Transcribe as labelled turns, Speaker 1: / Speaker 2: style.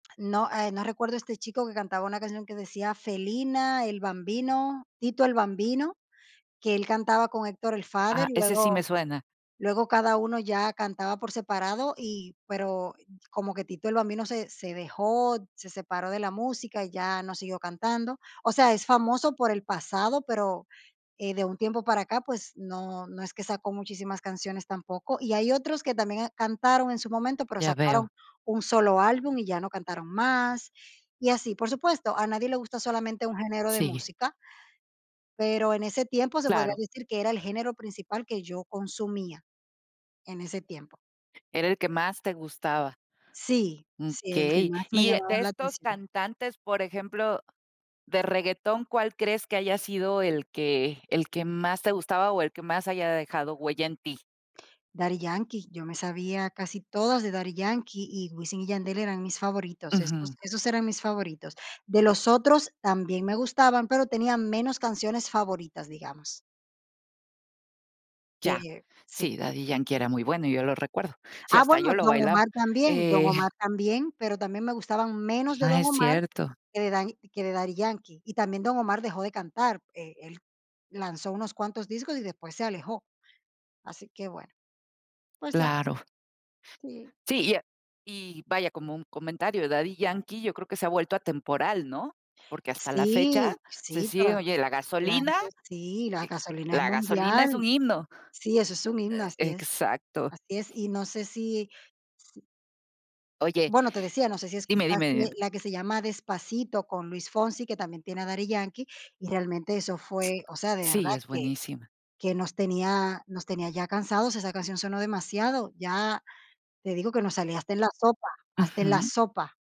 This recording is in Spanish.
Speaker 1: No, eh, no recuerdo este chico que cantaba una canción que decía: "Felina", El Bambino, Tito El Bambino, que él cantaba con Héctor el Father,
Speaker 2: Ah,
Speaker 1: y
Speaker 2: ese sí me
Speaker 1: luego
Speaker 2: suena.
Speaker 1: luego cada uno ya cantaba por separado y pero como que Tito El Bambino se se dejó, se separó de la música y ya no siguió cantando, o sea, es famoso por el pasado, pero, eh, de un tiempo para acá, pues, no no es que sacó muchísimas canciones tampoco. Y hay otros que también cantaron en su momento pero
Speaker 2: Ya veo.
Speaker 1: sacaron 1 solo álbum y ya no cantaron más y así. Por supuesto, a nadie le gusta solamente un género de
Speaker 2: Sigue.
Speaker 1: música pero en ese tiempo se podría
Speaker 2: Claro.
Speaker 1: decir que era el género principal que yo consumía. En ese tiempo.
Speaker 2: Era el que más te gustaba.
Speaker 1: Sí,
Speaker 2: Mm,
Speaker 1: sí, el que
Speaker 2: okey.
Speaker 1: más me
Speaker 2: Y, eh,
Speaker 1: llamaba
Speaker 2: de
Speaker 1: la
Speaker 2: estos
Speaker 1: atención.
Speaker 2: cantantes, por ejemplo, de reguetón, ¿cuál crees que haya sido el que el que más te gustaba o el que más haya dejado huella en ti?
Speaker 1: Daddy Yankee, yo me sabía casi todas de Daddy Yankee y Wisin y Yandel eran mis favoritos.
Speaker 2: Ujú.
Speaker 1: Esos esos eran mis favoritos. De los otros también me gustaban pero tenía menos canciones favoritas, digamos.
Speaker 2: Ya.
Speaker 1: Que sí.
Speaker 2: Sí, Daddy Yankee era muy bueno, yo lo recuerdo. Sí,
Speaker 1: Ah,
Speaker 2: hasta yo
Speaker 1: bueno,
Speaker 2: lo
Speaker 1: Don
Speaker 2: bailaba,
Speaker 1: Omar también Don
Speaker 2: eh
Speaker 1: Omar también, pero también me gustaban menos de
Speaker 2: Ah,
Speaker 1: Don
Speaker 2: es
Speaker 1: Omar
Speaker 2: cierto.
Speaker 1: que de Daddy que de Daddy Yankee. Y también Don Omar dejó de cantar, eh, él lanzó unos cuantos discos y después se alejó. Así que bueno, pues ya.
Speaker 2: Claro.
Speaker 1: Sí.
Speaker 2: Sí, y a y vaya, como un comentario, Daddy Yankee yo creo que se ha vuelto atemporal, ¿no? Porque hasta la fecha
Speaker 1: Sí,
Speaker 2: se
Speaker 1: sí,
Speaker 2: sigue
Speaker 1: toda
Speaker 2: oye, La
Speaker 1: claro
Speaker 2: gasolina
Speaker 1: que sí, la
Speaker 2: Y
Speaker 1: Gasolina es
Speaker 2: La gasolina es
Speaker 1: mundial.
Speaker 2: un himno.
Speaker 1: Sí, eso es un himno,
Speaker 2: Eh,
Speaker 1: así es,
Speaker 2: exacto.
Speaker 1: así es. Y no sé si si
Speaker 2: Oye
Speaker 1: bueno, te decía, no sé si
Speaker 2: dime, dime, dime.
Speaker 1: escuchaste la que se llama Despacito, con Luis Fonsi, que también tiene a Daddy Yankee, y realmente eso fue, o sea, de verdad
Speaker 2: Sí, es
Speaker 1: que
Speaker 2: buenísima.
Speaker 1: que nos tenía nos tenía ya cansados, esa canción sonó demasiado. Ya te digo que nos salía hasta en la sopa, hasta en la
Speaker 2: Ujú.
Speaker 1: sopa.